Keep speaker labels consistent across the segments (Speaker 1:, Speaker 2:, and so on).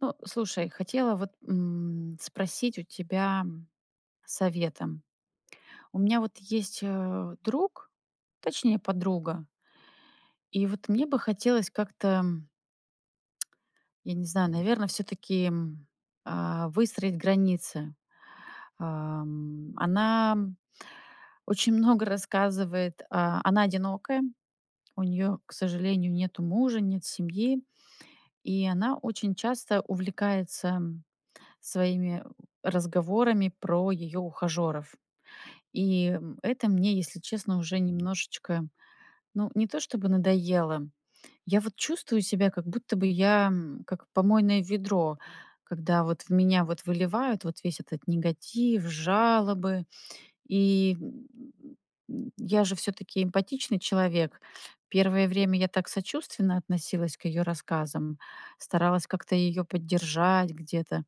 Speaker 1: Ну, слушай, хотела вот, м, спросить у тебя, м, советом. У меня вот есть, э, друг, точнее подруга. И вот мне бы хотелось как-то, м Я не знаю, наверное, всё-таки м, э, выстроить границы. Эм, она, м, очень много рассказывает. А, она одинокая, у неё, к сожалению, нету мужа, нет семьи, и она очень часто увлекается, м, своими, э, разговорами про её ухажёров. И, м, это мне, если честно, уже немножечко, ну, не то чтобы надоело. Я вот чувствую себя, как будто бы я, м, как помойное ведро, когда вот в меня вот выливают вот весь этот негатив, жалобы. И, м м, я же всё-таки эмпатичный человек. Первое время я так сочувственно относилась к её рассказам, старалась как-то её поддержать где-то,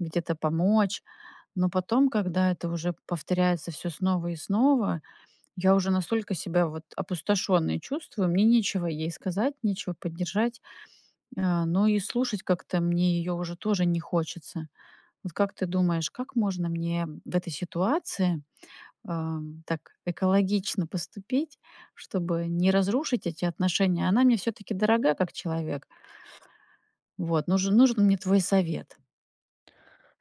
Speaker 1: где-то помочь, но потом, когда это уже повторяется всё снова и снова, я уже настолько себя, вот, опустошённой чувствую, мне нечего ей сказать, нечего поддержать, э, но и слушать как-то мне её уже тоже не хочется. Вот как ты думаешь, как можно мне в этой ситуации, э, так экологично поступить, чтобы не разрушить эти отношения? Она мне всё-таки дорога как человек. Вот, нужен нужен мне твой совет.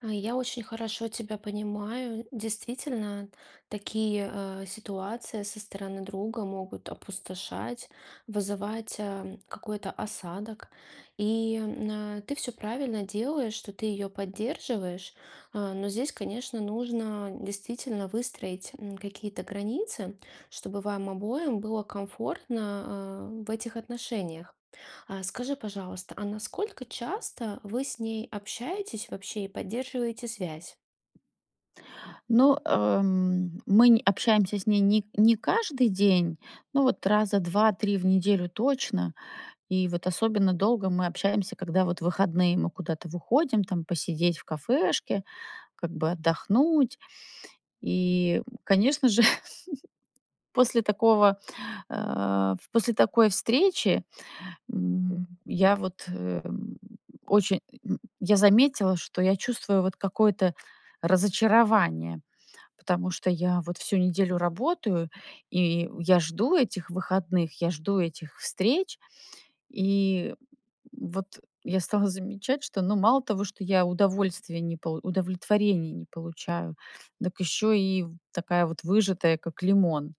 Speaker 2: Э, я очень хорошо тебя понимаю. Действительно, такие, э, ситуации со стороны друга могут опустошать, вызывать, эм, какой-то осадок. И, э, ты всё правильно делаешь, что ты её поддерживаешь. Э, но здесь, конечно, нужно действительно выстроить, м, какие-то границы, чтобы вам обоим было комфортно, э, в этих отношениях. А, скажи, пожалуйста, а насколько часто вы с ней общаетесь вообще и поддерживаете связь?
Speaker 1: Ну, э, м, мы нь общаемся с ней не не каждый день, но вот раза 2-3 в неделю точно. И вот особенно долго мы общаемся, когда вот выходные. Мы куда-то выходим, там, посидеть в кафешке, как бы отдохнуть. И, конечно же, после такого, э, в после такой встречи, м, я вот, э, м, очень, м, я заметила, что я чувствую вот какое-то разочарование, потому что я вот всю неделю работаю, и я жду этих выходных, я жду этих встреч. И вот я стала замечать, что, ну, мало того, что я удовольствия не полу удовлетворения не получаю, дак еще и в такая вот выжатая, как лимон.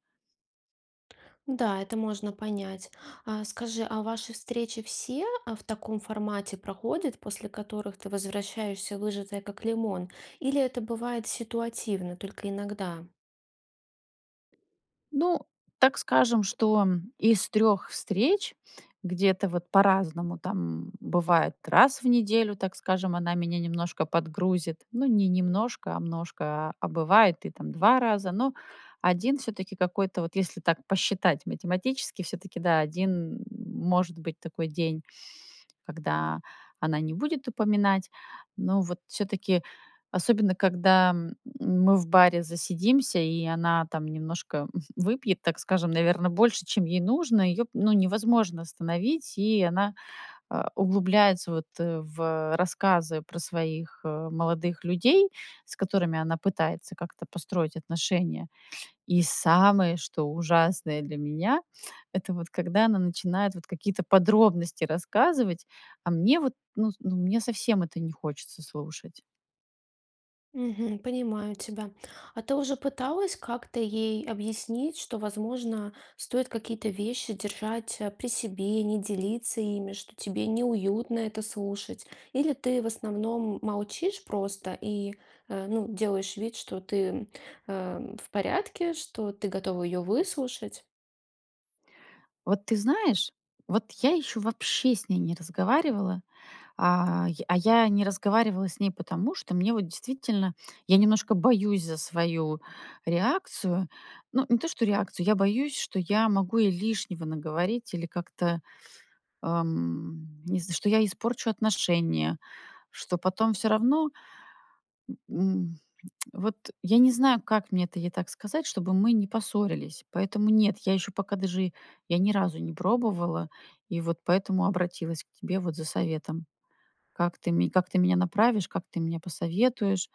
Speaker 2: Н-да, это можно понять. А скажи, а ваши встречи все, а, в таком формате проходят, после которых ты возвращаешься выжатая как лимон, или это бывает ситуативно, только иногда?
Speaker 1: Ну, так скажем, что, м, из 3 встреч где-то вот по-разному, там, бывает раз в неделю, так скажем, она меня немножко подгрузит. Ну, не немножко, а множко, а а бывает и там 2 раза. Но 1 всё-таки какой-то вот, если так посчитать математически, всё-таки да, 1 может быть такой день, когда она не будет упоминать. Но вот всё-таки, особенно когда м мы в баре засидимся, и она там немножко выпьет, так скажем, наверно, больше, чем ей нужно, её, ну, невозможно остановить, и она, а, углубляется, вот, э, в рассказы про своих, э, молодых людей, с которыми она пытается как-то построить отношения. И самое, что ужасное для меня- это вот когда она начинает вот какие-то подробности рассказывать, а мне вот, ну, с ну мне совсем это не хочется слушать.
Speaker 2: Мгм. Понимаю тебя. А ты уже пыталась как-то ей объяснить, что, возможно, стоит какие-то вещи держать, а, при себе, не делиться ими, что тебе неуютно это слушать? Или ты, в основном, молчишь просто и, а, ну, делаешь вид, что ты, м, э, в порядке, что ты готова её выслушать?
Speaker 1: Вот ты знаешь, вот я ещё вообще с ней не разговаривала, а я а я не разговаривала с ней потому, что мне вот действительно я немножко боюсь за свою реакцию. Ну, не то что реакцию, я боюсь, что я могу ей лишнего наговорить или как-то, эм, не знаю, что я испорчу отношения, что потом всё равно, м, вот я не знаю, как мне это ей так сказать, чтобы мы не поссорились, поэтому нет, я ещё пока даже я ни разу не пробовала и вот поэтому обратилась к тебе вот за советом. Как ты ме как ты меня направишь, как ты мне посоветуешь?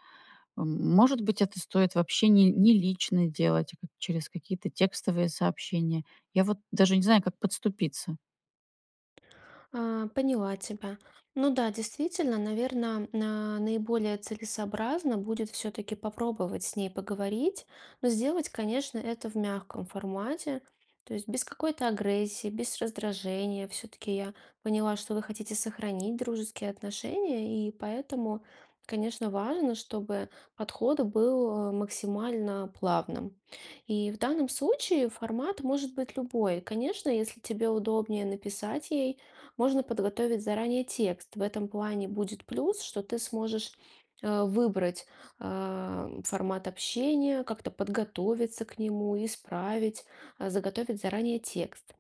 Speaker 1: М, может быть, это стоит вообще не не лично делать, а как через какие-то текстовые сообщения. Я вот даже не знаю, как подступиться.
Speaker 2: А, поняла тебя. Ну да, действительно, наверно, на наиболее целесообразно будет всё-таки попробовать с ней поговорить. Но сделать, конечно, это в мягком формате. То есть без какой-то агрессии, без раздражения. Всё-таки я поняла, что вы хотите сохранить дружеские отношения, и поэтому, конечно, важно, чтобы подход был, э, максимально плавным. И в данном случае формат может быть любой. Конечно, если тебе удобнее написать ей, можно подготовить заранее текст. В этом плане будет плюс, что ты сможешь, э, выбрать, э, формат общения, как-то подготовиться к нему, исправить, э, заготовить заранее текст.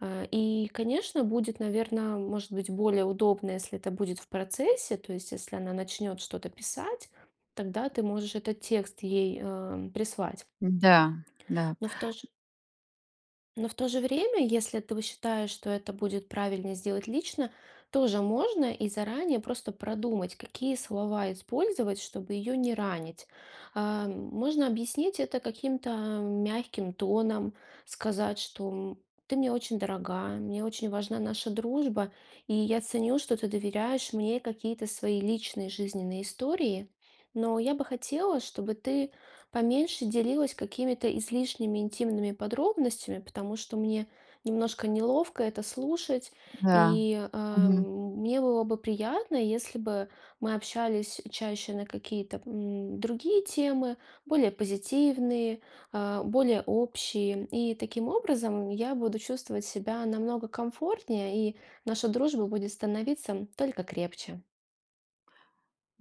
Speaker 2: Э, и, конечно, будет, наверно, может быть, более удобно, если это будет в процессе, то есть если она начнёт что-то писать, тогда ты можешь этот текст ей, э, прислать.
Speaker 1: Да-да.
Speaker 2: Но, в то же но в то же время, если ты считаешь, что это будет правильно сделать лично, тоже можно, и заранее просто продумать, какие слова использовать, чтобы ее не ранить. Э, можно объяснить это каким-то мягким тоном, сказать, что: "Ты мне очень дорога, мне очень важна наша дружба, и я ценю, что ты доверяешь мне какие-то свои личные жизненные истории. Но я бы хотела, чтобы ты поменьше делилась какими-то излишними интимными подробностями, потому что мне немножко неловко это слушать".
Speaker 1: Да.
Speaker 2: И, э,
Speaker 1: Мгм.
Speaker 2: мне было бы приятно, если бы мы общались чаще на какие-то, м, другие темы, более позитивные, э, более общие. И таким образом, я буду чувствовать себя намного комфортнее, и наша дружба будет становиться только крепче.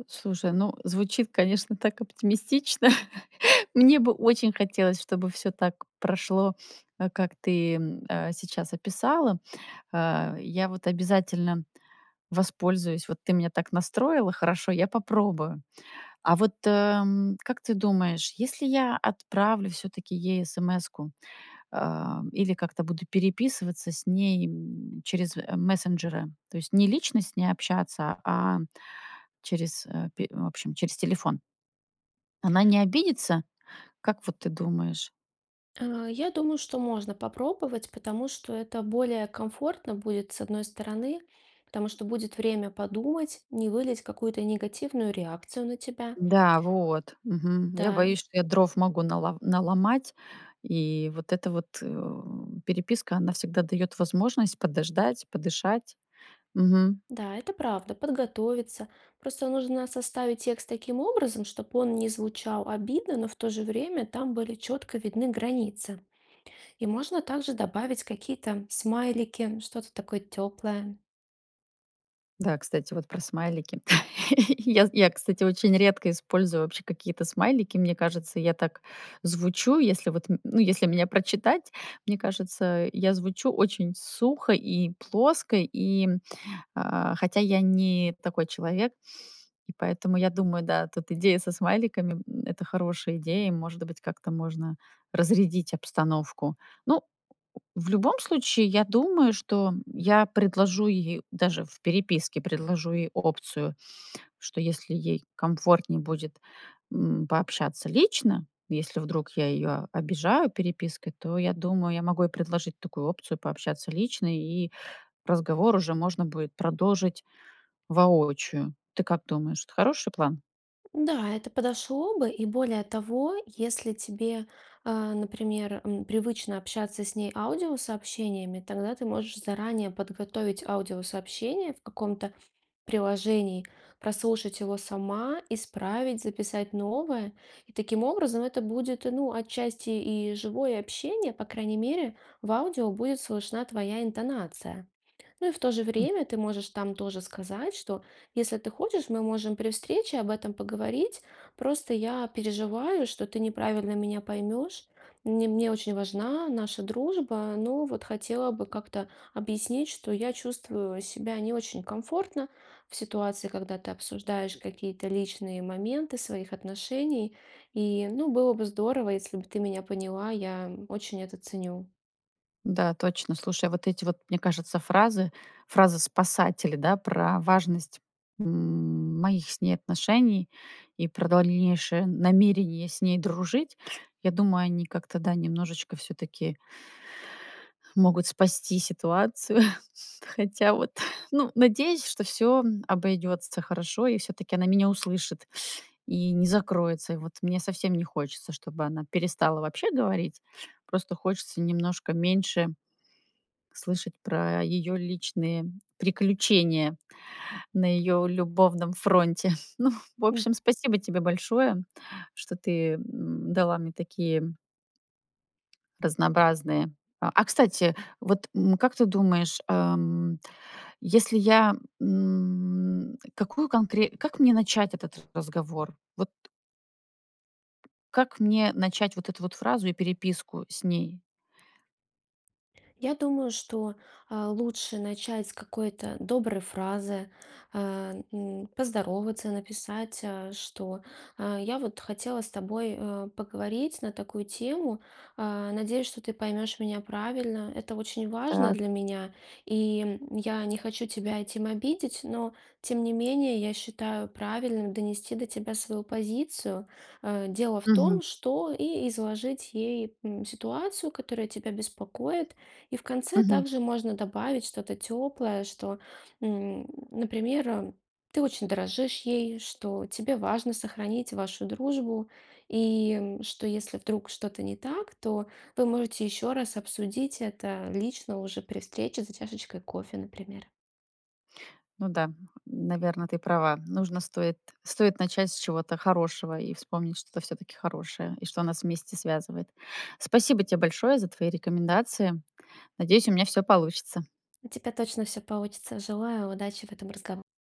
Speaker 1: Слушай, ну, звучит, конечно, так оптимистично. Мне бы очень хотелось, чтобы всё так прошло, а, как ты, м, э, сейчас описала. Э, я вот обязательно воспользуюсь. Вот ты меня так настроила хорошо, я попробую. А вот, э, м, как ты думаешь, если я отправлю всё-таки ей эсэмэску, э, или как-то буду переписываться с ней, м, через, э, мессенджеры, то есть не лично с ней общаться, а через, э, пе в общем, через телефон? Она не обидится, как вот ты думаешь?
Speaker 2: Э, я думаю, что можно попробовать, потому что это более комфортно будет, с одной стороны. Потому что будет время подумать, не вылить какую-то негативную реакцию на тебя.
Speaker 1: Да, вот, мгм. Я
Speaker 2: Да.
Speaker 1: боюсь, что я дров могу нало наломать, и вот эта вот, э, переписка, она всегда даёт возможность подождать, подышать. Мгм.
Speaker 2: Да, это правда, подготовиться. Просто нужно составить текст таким образом, чтоб он не звучал обидно, но в то же время там были четко видны границы. И можно также добавить какие-то смайлики, что-то такое теплое.
Speaker 1: Да, кстати, вот про смайлики. Я, з я, кстати, очень редко использую вообще какие-то смайлики. Мне кажется, я так звучу, если вот н ну, если меня прочитать. Мне кажется, я звучу очень сухо и плоско, и, э, хотя я не такой человек. И поэтому я думаю, да, тут идея со смайликами н- это хорошая идея, и, может быть, как-то можно разрядить обстановку. Ну, в любом случае, я думаю, что я предложу ей даже в переписке, предложу ей опцию, что если ей комфортней будет, м, пообщаться лично, если вдруг я её обижаю перепиской, то, я думаю, я могу ей предложить такую опцию пообщаться лично и разговор уже можно будет продолжить воочию. Ты как думаешь, это хороший план?
Speaker 2: Да, это подошло бы. И более того, если тебе, э, например, м, привычно общаться с ней аудиосообщениями, тогда ты можешь заранее подготовить аудиосообщение в каком-то приложении, прослушать его сама, исправить, записать новое. И таким образом это будет, ну, отчасти и живое общение. По крайней мере, в аудио будет слышна твоя интонация. Ну и в то же время ты можешь там тоже сказать, что если ты хочешь, мы можем при встрече об этом поговорить. Просто я переживаю, что ты неправильно меня поймешь. Мне мне очень важна наша дружба. Но вот хотела бы как-то объяснить, что я чувствую себя не очень комфортно в ситуации, когда ты обсуждаешь какие-то личные моменты своих отношений. И, ну, было бы здорово, если бы ты меня поняла, я очень это ценю.
Speaker 1: Да, точно. Слушай, вот эти вот, мне кажется, фразы, фразы-спасатели, да, про важность, м, моих с ней отношений и про дальнейшее намерение с ней дружить. Я думаю, они как-то, да, немножечко всё-таки могут спасти ситуацию, хотя, вот, ну, надеюсь, что всё обойдётся хорошо и всё-таки она меня услышит и не закроется. И вот мне совсем не хочется, чтобы она перестала вообще говорить, просто хочется немножко меньше слышать про её личные приключения на её любовном фронте. Ну, в
Speaker 2: М.
Speaker 1: общем, спасибо тебе большое, что ты, м, дала мне такие разнообразные а а кстати, вот, м, как ты думаешь, эм, если я, м, какую конкре как мне начать этот разговор? Вот как мне начать вот эту вот фразу и переписку с ней?
Speaker 2: Я думаю, что, а, лучше начать с какой-то доброй фразы, а, м, поздороваться, написать, а, что, а, я вот хотела с тобой, а, поговорить на такую тему, а. Надеюсь, что ты поймешь меня правильно. Это очень важно для
Speaker 1: Так.
Speaker 2: меня. И, м, я не хочу тебя этим обидеть, но, тем не менее, я считаю правильным донести до тебя свою позицию, а. Дело в
Speaker 1: Мгм.
Speaker 2: том, что, и изложить ей, м, ситуацию, которая тебя беспокоит. И в конце
Speaker 1: Мгм.
Speaker 2: также можно добавить что-то теплое, что, м, например, э, ты очень дорожишь ей, что тебе важно сохранить вашу дружбу, и, м, что если вдруг что-то не так, то вы можете еще раз обсудить это лично уже при встрече за чашечкой кофе, например.
Speaker 1: Ну да, наверно, ты права. Нужно, стоит стоит начать с чего-то хорошего и вспомнить что-то всё-таки хорошее и что нас вместе связывает. Спасибо те большое за твои рекомендации. Надеюсь, у меня всё получится.
Speaker 2: У тебя точно всё получится, желаю удачи в этом разгово